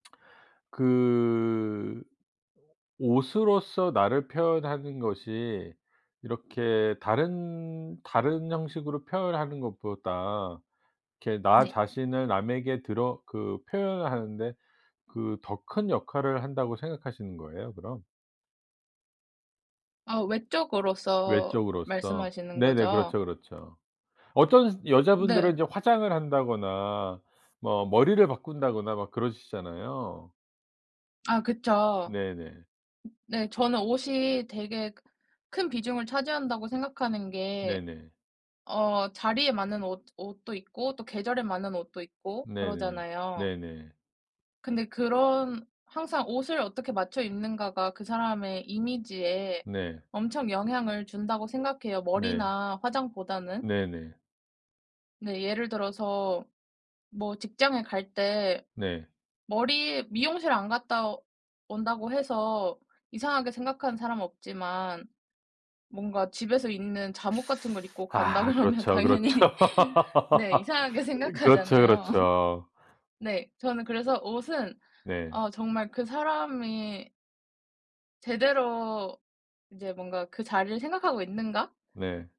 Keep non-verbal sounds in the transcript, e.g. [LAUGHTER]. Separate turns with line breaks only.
그 옷으로서 나를 표현하는 것이 이렇게 다른, 다른 형식으로 표현하는 것보다 이렇게 나
네.
자신을 남에게 드러 그 표현하는데 그 더 큰 역할을 한다고 생각하시는 거예요 그럼?
아 외적으로서
외적으로서.
말씀하시는
네네.
거죠?
그렇죠 그렇죠. 어떤
네.
여자분들은 이제 화장을 한다거나 뭐 머리를 바꾼다거나 막 그러시잖아요.
아 그쵸.
네네.
네. 저는 옷이 되게 크 큰 비중을 차지한다고 생각하는 게
네네.
어 자리에 맞는 옷 옷도 있고 또 계절에 맞는 옷도 있고
네네.
그러잖아요.
네네.
근데 그런 항상 옷을 어떻게 맞춰 입는가가 그 사람의 이미지에
네.
엄청 영향을 준다고 생각해요,
네.
머리나 화장보다는.
네네.
네. 예를 들어서 뭐 직장에 갈 때
네.
머리에 미용실 안 갔다 온다고 해서 이상하게 생각하는 사람은 없지만 뭔가 집에서 입는 잠옷 같은 걸 입고
[SUCKS TEETH]
간다
아
그러면
그렇죠 그렇죠.
당연히 [LAUGHS] 네
[LAUGHS]
이상하게
으 그렇죠
생각하잖아요. [LAUGHS]
그렇죠.
네. 저는 그래서 옷은
네.
어 정말 그 사람이 제대로 이제 뭔가 그 자리를 생각하고 있는가?
네.